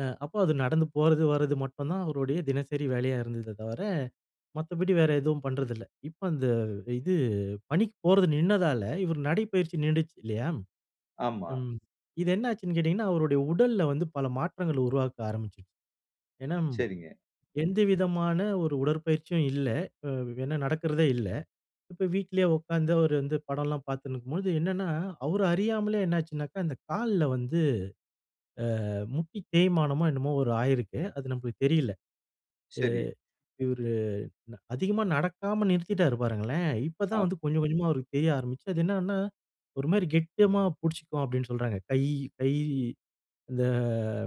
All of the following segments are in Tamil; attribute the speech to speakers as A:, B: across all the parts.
A: அ அப்போ அது நடந்து போறது வரது மட்டும் தான் அவருடைய தினசரி வேலையா இருந்ததே தவிர, மத்தபடி வேற எதுவும் பண்றதில்ல. இப்ப அந்த இது பணிக்கு போறது நின்னதால இவரு நடைப்பயிற்சி நின்டுச்சு இல்லயா!
B: ஆமா.
A: ம். இது என்ன ஆச்சுன்னு கேட்டீங்கன்னா, அவருடைய உடல்ல வந்து பல மாற்றங்கள் உருவாக்க ஆரம்பிச்சிருச்சு. ஏன்னா,
B: சரிங்க.
A: எந்தவிதமான ஒரு உடற்பயிற்சியும் இல்ல. அ என்ன நடக்கிறதே இல்ல. இப்ப வீட்லே உட்கார்ந்து அவரு வந்து படம்லாம் பார்த்துன்னு இருக்கும்போது, என்னன்னா அவர அறியாமலே என்ன ஆச்சுனாக்கா அந்த கால்ல வந்து, ஆ முட்டி தேய்மானமோ! என்னமோ! ஒரு ஆகியிருக்கு. அது நமக்கு தெரியல. அ
B: சரி.
A: இவரு அதிகமா நடக்காம நிறுத்திட்டாரு பாருங்களேன். இப்ப தான்
B: அ.
A: வந்து கொஞ்சம், கொஞ்சமா அவருக்கு தெரிய ஆரம்பிச்சது. அது என்னனா, ஒருமாரி கெட்டியமா பிடிச்சிக்குவோம் அப்பிடின்னு சொல்றாங்க. கை கை இந்த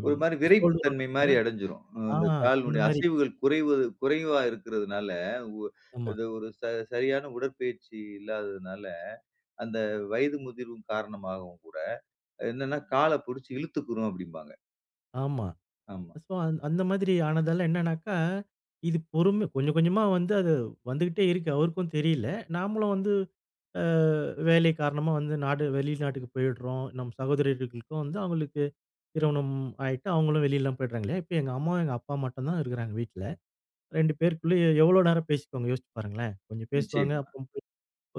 B: ஒரு மாதிரி விறைப்பு
A: ஷோல்டர்
B: தன்மைமாரி
A: [unintelligible]
B: அடஞ்சிரும். அ
A: ஆ,
B: இந்த கால்னுடைய
A: அந்தமாரி.
B: அசைவுகள் குறைவது குறைவா இருக்கிறதுனால, உ
A: ஆமா.
B: அது ஒரு ச சரியான உடற்பயிற்சி இல்லாததனால அந்த வயது முதிர்வு காரணமாகவும் கூட என்னன்னா கால பிடுச்சு இழுத்துக்குறும் அப்பிடிம்பாங்க.
A: ஆமா.
B: ஆமா.
A: ஸோ, அ அந்த மாதிரி ஆனதால என்னன்னாக்கா, இது பொறுமை கொஞ்சம் கொஞ்சமா வந்து அது வந்துக்கிட்டே இருக்கு. அவருக்கும் தெரியல. நாமளும் வந்து, ஆ வேலை காரணமா வந்து நாடு வெளிநாட்டுக்கு போயிடுறோம். நம்ம சகோதரிகளுக்கும் வந்து அவுங்களுக்கு திருமணம் ஆயிட்டு அவுங்களும் வெளில்லாம் போயிட்றாங்க. இல்லயா! இப்ப எங்க அம்மாவும் எங்க அப்பா மட்டும் தான் இருக்கிறாங்க வீட்ல. 2 பேருக்குள்ளேயே எவ்ளோ நேரம் பேசிக்குவாங்க யோசிச்சு பாருங்களேன்! கொஞ்சம் பேசுவாங்க.
B: நிச்சயமா.
A: அப்ப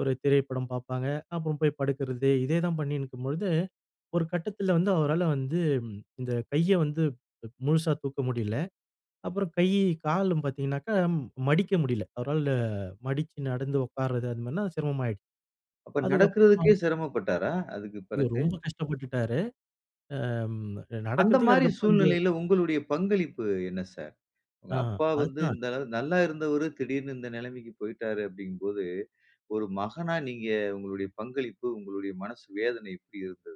A: ஒரு திரைப்படம் பார்ப்பாங்க. அப்புறம் போய் படுக்கிறது. இதே தான் பண்ணின்னு இருக்கும்பொழுது, ஒரு கட்டத்தில வந்து அவரால வந்து இந்த கைய வந்து முழுசா தூக்க முடியல. அப்புறம் கை, காலும் பாத்தங்கனாக்க, மடிக்க முடியல. அவரால மடிச்சு நடந்து உட்கார்றது அந்தமாரிலாம் சிரமமாயிடுச்சு.
B: அப்ப
A: அதுக்கு அப்புறம்
B: நடக்குறதுக்கே சிரமப்பட்டாரா? அதுக்குப்
A: ஐயோ!
B: பிறகு.
A: ரொம்ப கஷ்டப்பட்டுட்டாரு. ஆ, அம் நடக்கிறதுக்கே
B: அந்தமாரி
A: அதுக்கு அப்பறம் இந்த
B: சூழ்நிலையில உங்களுடைய பங்களிப்பு என்ன சார்? உங்க
A: ஆ.
B: அப்பா வந்து
A: அதுதான்.
B: இந்த அள நல்லா இருந்தவரு திடீர்னு இந்த நிலைமைக்கு போயிட்டாரு அப்பிடிங்கம்போது, ஒரு மகனா நீங்க உங்களுடைய பங்களிப்பு உங்களுடைய மனசு வேதனை எப்பிடி இருந்தது?